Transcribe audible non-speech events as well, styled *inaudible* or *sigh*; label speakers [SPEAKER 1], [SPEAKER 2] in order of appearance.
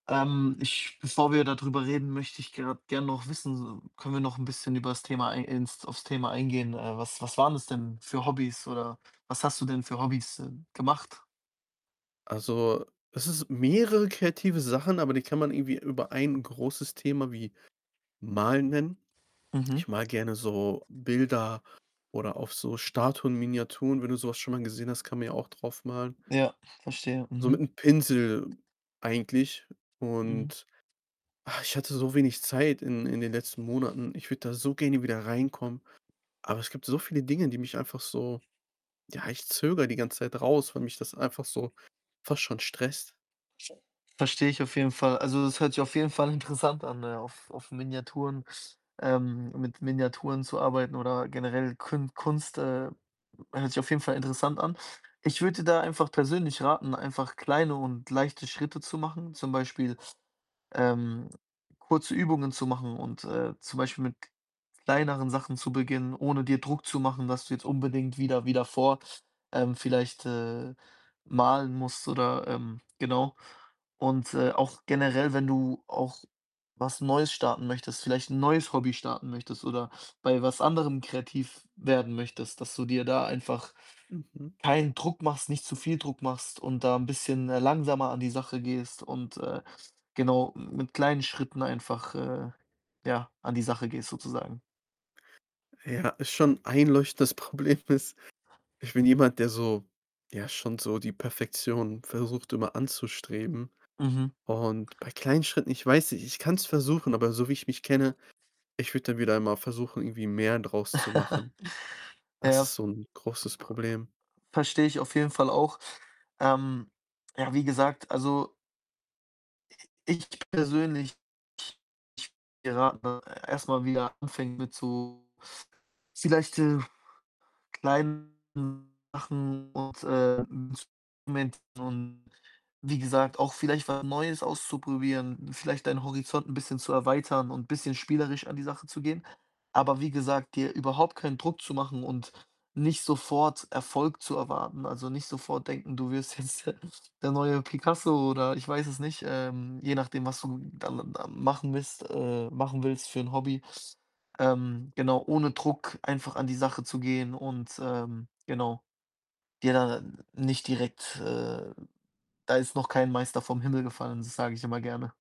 [SPEAKER 1] Ähm, ich bevor wir dadrüber reden, möchte ich grad gern noch wissen, können wir noch 'n bisschen übers Thema ei ins aufs Thema eingehen? Äh, was was waren das denn für Hobbys? Oder was hast du denn für Hobbys, äh, gemacht?
[SPEAKER 2] Also, es ist mehrere kreative Sachen, aber die kann man irgendwie über 1 großes Thema wie Malen nennen.
[SPEAKER 1] Mhm.
[SPEAKER 2] Ich male gerne so Bilder, oder auf so Statuen, Miniaturen, wenn du so was schon mal gesehen hast, kann man ja auch drauf malen.
[SPEAKER 1] Ja, verstehe.
[SPEAKER 2] So
[SPEAKER 1] Mhm.
[SPEAKER 2] mit'm Pinsel eigentlich.
[SPEAKER 1] Mhm.
[SPEAKER 2] Und, ah, ich hatte so wenig Zeit in in den letzten Monaten. Ich würde da so gerne wieder reinkommen, aber es gibt so viele Dinge, die mich einfach so ja, ich zögere die ganze Zeit raus, weil mich das einfach so fast schon stresst.
[SPEAKER 1] Verstehe ich auf jeden Fall. Also, das hört sich auf jeden Fall interessant an, ne, auf, auf Miniaturen, ähm mit Miniaturen zu arbeiten, oder generell Kün Kunst, äh, hört sich auf jeden Fall interessant an. Ich würde dir da einfach persönlich raten, einfach kleine und leichte Schritte zu machen. Zum Beispiel, ähm, kurze Übungen zu machen und, äh, zum Beispiel mit kleineren Sachen zu beginnen, ohne dir Druck zu machen, dass du jetzt unbedingt wieder wieder vor ähm, vielleicht, äh, malen musst oder ähm, genau. Und, äh, auch generell, wenn du auch was Neues starten möchtest, vielleicht 'n neues Hobby starten möchtest oder bei was anderem kreativ werden möchtest, dass du dir da einfach
[SPEAKER 2] Mhm.
[SPEAKER 1] keinen Druck machst, nicht zu viel Druck machst und da 'n bisschen, äh, langsamer an die Sache gehst und, äh, genau, mit kleinen Schritten einfach, äh, ja an die Sache gehst, sozusagen.
[SPEAKER 2] Ja, ist schon einleuchtend. Das Problem ist, ich bin jemand, der so ja, schon so die Perfektion versucht immer anzustreben
[SPEAKER 1] Mhm.
[SPEAKER 2] und bei kleinen Schritten ich weiß, ich kann's versuchen, aber so wie ich mich kenne, ich würde dann wieder einmal versuchen, irgendwie mehr draus zu
[SPEAKER 1] *giggles*
[SPEAKER 2] machen. Das
[SPEAKER 1] Ja,
[SPEAKER 2] ist so 'n großes Problem.
[SPEAKER 1] verstehe ich auf jeden Fall auch. Ähm, ja, wie gesagt, also ich persönlich, ich ich würde dir raten erst mal wieder anfängt mit so vielleicht, äh, kleinen Sachen und, äh, Instrumenten und wie gesagt, auch vielleicht was Neues auszuprobieren, vielleicht deinen Horizont 'n bisschen zu erweitern und bisschen spielerisch an die Sache zu gehen. Aber wie gesagt, dir überhaupt keinen Druck zu machen und nicht sofort Erfolg zu erwarten. Also, nicht sofort denken, du wirst jetzt der der neue Picasso oder ich weiß es nicht. Ähm, je nachdem, was du da da machen willst äh, machen willst für 'n Hobby. Ähm, genau, ohne Druck einfach an die Sache zu gehen und, ähm, genau dir da nicht direkt, äh da ist noch kein Meister vom Himmel gefallen. Das sage ich immer gerne.